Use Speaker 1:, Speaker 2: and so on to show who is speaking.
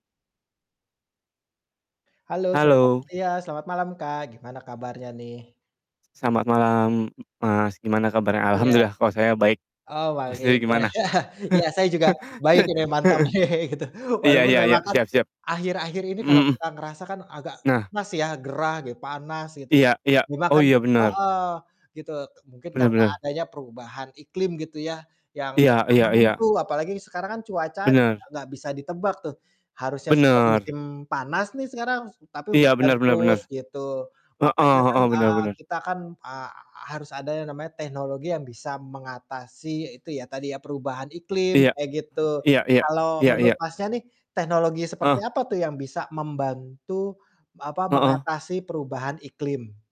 Speaker 1: Halo, selamat
Speaker 2: Halo.
Speaker 1: iya, selamat malam Kak, gimana kabarnya nih?
Speaker 2: Selamat malam Mas, gimana kabarnya?
Speaker 1: Iya.
Speaker 2: Alhamdulillah, kalau saya baik.
Speaker 1: Oh,
Speaker 2: Mas
Speaker 1: baik.
Speaker 2: sendiri
Speaker 1: Wah,
Speaker 2: gimana?
Speaker 1: iya, saya juga baik ini, mantap,
Speaker 2: Heeh.
Speaker 1: gitu,
Speaker 2: Iya
Speaker 1: walaupun
Speaker 2: iya iya,
Speaker 1: memang kan,
Speaker 2: siap siap.
Speaker 1: akhir-akhir ini
Speaker 2: Mhm
Speaker 1: kalau
Speaker 2: mhm.
Speaker 1: kita ngerasa kan agak
Speaker 2: Nah.
Speaker 1: panas ya, gerah gi panas gitu, ya.
Speaker 2: Iya iya. Oh
Speaker 1: Dimakan
Speaker 2: iya, benar.
Speaker 1: heeh, gitu, mungkin
Speaker 2: Benar
Speaker 1: karena
Speaker 2: benar.
Speaker 1: adanya perubahan iklim gitu ya, yang
Speaker 2: Iya
Speaker 1: nggak
Speaker 2: iya iya.
Speaker 1: menentu, apalagi sekarang kan cuaca juga
Speaker 2: Benar.
Speaker 1: nggak bisa ditebak tuh, harusnya sudah
Speaker 2: Benar.
Speaker 1: musim panas nih sekarang, tapi
Speaker 2: Iya,
Speaker 1: hujan
Speaker 2: benar benar
Speaker 1: terus,
Speaker 2: benar.
Speaker 1: gitu.
Speaker 2: Heeh
Speaker 1: Makanya kan,
Speaker 2: heeh, benar
Speaker 1: eee,
Speaker 2: benar.
Speaker 1: kita kan, eee, harus ada yang namanya teknologi yang bisa mengatasi itu ya, tadi ya, perubahan iklim,
Speaker 2: Iya.
Speaker 1: kayak gitu.
Speaker 2: Iya iya,
Speaker 1: Kalau
Speaker 2: iya
Speaker 1: menurut
Speaker 2: iya.
Speaker 1: Masnya nih, teknologi seperti
Speaker 2: Ah.
Speaker 1: apa tuh yang bisa membantu, apa,
Speaker 2: Heeh.
Speaker 1: mengatasi perubahan iklim?